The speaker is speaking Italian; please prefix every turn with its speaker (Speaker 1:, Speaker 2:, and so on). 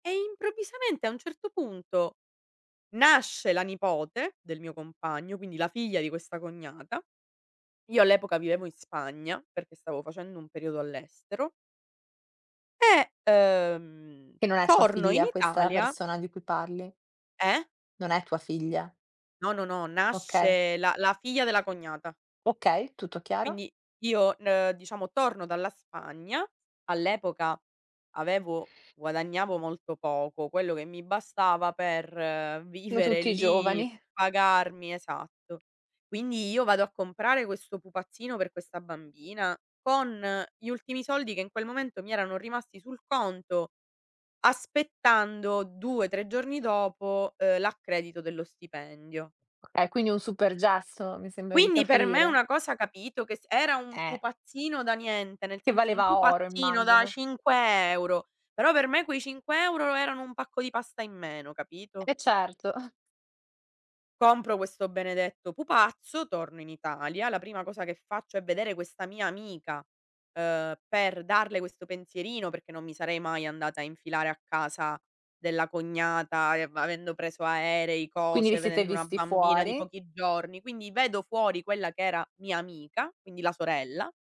Speaker 1: E improvvisamente, a un certo punto, nasce la nipote del mio compagno, quindi la figlia di questa cognata. Io all'epoca vivevo in Spagna perché stavo facendo un periodo all'estero E, uhm,
Speaker 2: Che non è tua
Speaker 1: torno in
Speaker 2: figlia questa
Speaker 1: Italia.
Speaker 2: persona di cui parli.
Speaker 1: Eh?
Speaker 2: Non è tua figlia.
Speaker 1: No, no, no,
Speaker 2: Okay.
Speaker 1: nasce la la figlia della cognata.
Speaker 2: Okay, tutto chiaro.
Speaker 1: Quindi io, n uhm, diciamo, torno dalla Spagna, all'epoca avevo guadagnavo molto poco, quello che mi bastava per
Speaker 2: Io
Speaker 1: vivere
Speaker 2: tutti i
Speaker 1: lì,
Speaker 2: giovani.
Speaker 1: pagarmi esatto. Quindi io vado a comprare questo pupazzino per questa bambina con gli ultimi soldi che in quel momento mi erano rimasti sul conto, aspettando 2, 3 giorni dopo, uhm, l'accredito dello stipendio.
Speaker 2: Okay, quindi un super gesto, mi sembra di
Speaker 1: Quindi per me è
Speaker 2: capire.
Speaker 1: una cosa, capito, che s era un
Speaker 2: Eh.
Speaker 1: pupazzino da niente, nel
Speaker 2: Che
Speaker 1: senso un
Speaker 2: valeva oro,
Speaker 1: pupazzino da
Speaker 2: immagino.
Speaker 1: 5 euro. Però per me quei 5 euro erano un pacco di pasta in meno, capito?
Speaker 2: Eh certo.
Speaker 1: Compro questo benedetto pupazzo, torno in Italia. La prima cosa che faccio è vedere questa mia amica, uhm, per darle questo pensierino, perché non mi sarei mai andata a infilare a casa della cognata e av avendo preso aerei,
Speaker 2: Quindi vi
Speaker 1: cose,
Speaker 2: siete
Speaker 1: vedendo una
Speaker 2: visti
Speaker 1: bambina di
Speaker 2: fuori.
Speaker 1: pochi giorni. Quindi vedo fuori quella che era mia amica, quindi la sorella.